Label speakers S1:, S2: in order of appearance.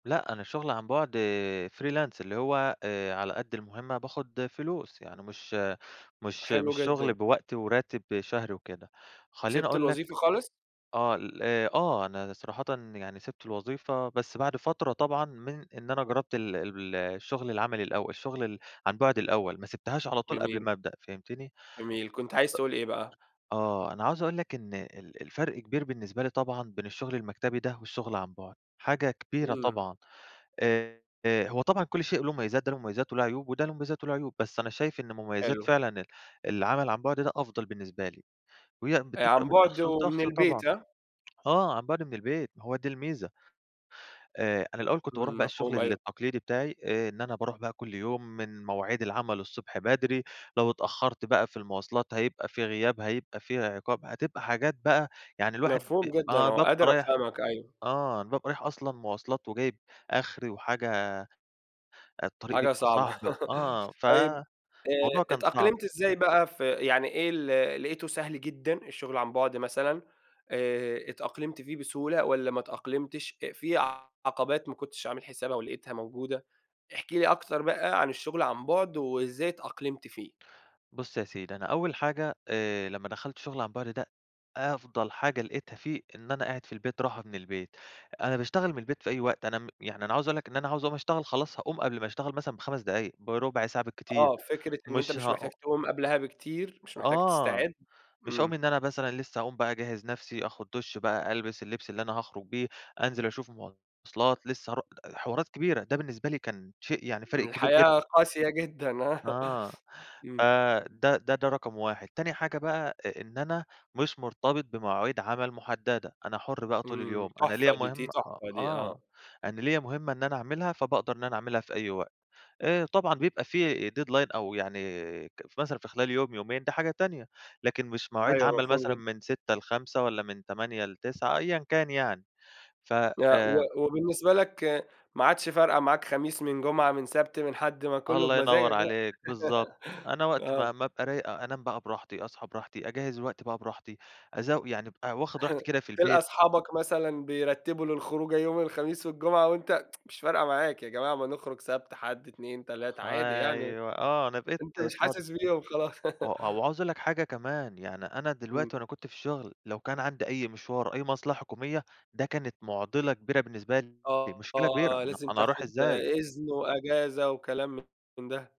S1: لأ، أنا شُغل عن بُعد freelance اللي هو آآ على قد المهمة باخد فلوس. يعني مش مش
S2: حلو
S1: مش شُغل
S2: جدًا.
S1: بوقت وراتب شهري وكده. خلّيني
S2: سِبت
S1: أقول لك
S2: الوظيفة خالص؟
S1: آه ال أ آه. أنا صراحةً يعني سِبت الوظيفة، بس بعد فترة طبعًا من إن أنا جرّبت ال ب ال الشُغل العملي الأول، الشُغل ال عن بُعد الأول، ما سِبتهاش على طول قبل
S2: جميل.
S1: ما أبدأ. فهمتني؟
S2: جميل. كنت عايز
S1: أ
S2: تقول إيه بقى؟
S1: آه. أنا عاوز أقول لك إن ال الفرق كبير بالنسبة لي طبعًا بين الشُغل المكتبي ده والشُغل عن بُعد، حاجة كبيرة
S2: إمم.
S1: طبعًا. آآ، هو طبعًا كل شيء له مميزات، ده له مميزات، وله عيوب وده له مميزات، وله عيوب. بس أنا شايف إن مميزات
S2: حلو.
S1: فعلًا ال العمل عن بُعد ده أفضَل بالنسبة لي. وهي
S2: آآ، عن
S1: بتفرِق من
S2: بُعد،
S1: شخص
S2: ومن
S1: لشخص طبعًا،
S2: البيت ها؟
S1: آه، عن بُعد من البيت، ما هو دي الميزة. آآ، أنا الأول كنت باروح
S2: إمم.
S1: بقى الشُغل
S2: مفهوم، أيوه.
S1: التقليدي بتاعي. آآ إن أنا باروح بقى كل يوم، من مواعيد العمل الصبح بدري، لو اتأخرت بقى في المواصلات هيبقى في غياب، هيبقى في عقاب، هتبقى حاجات بقى يعني الواحد ب
S2: مفهوم جدًا،
S1: آه،
S2: آه.
S1: بابقى
S2: قادر
S1: رايح
S2: افهمك، أيوه.
S1: آه، أنا بابقي رايح أصلًا مواصلات، وجايب آخري وحاجة الطريق
S2: حاجة
S1: بيبقى
S2: صعبة.
S1: صعب آه،
S2: طيّب،
S1: فموضوع
S2: آآ
S1: كان صعب.
S2: اتأقلمت إزاي بقى ف يعني إيه، ال لقيته سهل جدًا؟ الشغل عن بُعد مثلًا، آآ، اتأقلمت فيه بسهولة، والّا ما اتأقلمتش أ في عقبات ما كنتش عامل حسابها، ولقيتها موجودة. احكِ لي أكتر بقى عن الشغل عن بُعد، وإزاي اتأقلمت فيه؟
S1: بُص يا سيدي، أنا أول حاجة، آآ لمّا دخَلت الشُغل عن بُعد ده، أفضل حاجة لقيتها فيه، إن أنا قاعد في البيت، راحة من البيت. أنا باشتغل من البيت في أي وقت، أنا م يعني أنا عاوز اقول لك، إن أنا عاوز أقوم أشتغل، خلاص هاقوم قبل ما اتغل مثلًا ب5 دقايق، برُبع ساعة بالكتير.
S2: آه، فكرة إن أنت
S1: مش
S2: مش محتاج
S1: هأ
S2: تقوم قبلها بكتير، مش محتاج
S1: آه،
S2: تستعد.
S1: مش هاقوم
S2: إمم.
S1: إن أنا مثلًا لسّه هاقوم بقى أجهِّز نَفسي، آخُد دُش بقى، ألبس اللبس اللي أنا هاخرج بيه، أنزل أشوف مواصلات لسّه هارو ده حوارات كبيرة، ده بالنسبة لي كان شيء يعني فارق
S2: إن
S1: كبير
S2: الحياة
S1: جدًا.
S2: قاسية جدًا، آه.
S1: آه،
S2: إمم.
S1: فده ده ده رقم 1. تاني حاجة بقى أ إن أنا مش مرتبط بمواعيد عمل محددة، أنا حُرْ بقى طول
S2: إمم،
S1: اليوم. أنا ليّا
S2: تحفة دي. دي
S1: مهمة أ
S2: تحفة دي. آه.
S1: آه، أنا ليّا مهمة إن أنا أعملها، فباقدر إن أنا أعملها في أي وقت. آآ، طبعًا بيبقى في deadline أو يعني ك مثلًا في خلال يوم، يومين، دي حاجة تانية. لكن مش مواعيد
S2: أيوَه،
S1: عمل
S2: مفهوم
S1: مثلًا
S2: جدًا.
S1: من 06:00 ل17:00، والّا من 08:00 ل21:00 أيًا كان يعني. ف
S2: آه، و
S1: آمم.
S2: وبالنسبة لك ما عادش فارقة معاك خميس، من جمعة، من سَبت، من حَد، ما كلّه
S1: الله
S2: بمزاجك
S1: ينور
S2: بقى.
S1: عليك، بالضبط. أنا وقت
S2: آه.
S1: ما ما ابقى رايق أ أنام بقى براحتي، أصحى براحتي، أجهِّز الوقت بقى براحتي، أزو يعني ابقي واخد راحتي كده في
S2: تلقى
S1: البيت.
S2: اصحابك مثلًا بيرتّبوا للخروجة يوم الخميس والجمعة، وأنت مش فارقة معاك، يا جماعة ما نخرج سَبت، حَد، اتنين، تلات، عادي يعني.
S1: أيوَه. آه، أنا بقيت
S2: أنت مش
S1: فاضي.
S2: حاسس بيهم خلاص.
S1: و و وعاوز اقول لك حاجة كمان، يعني أنا دلوقتي
S2: إمم.
S1: وأنا كنت في الشُغل، لو كان عندي أي مشوار أو أي مصلحة حكومية، ده كانت مُعضلَة كبيرة بالنسبة لي، مشكلة كبيرة.
S2: آه،
S1: ما أنا
S2: لازم
S1: أنا هاروح
S2: تاخد
S1: إزاي.
S2: إذن وأجازة، وكلام من ده.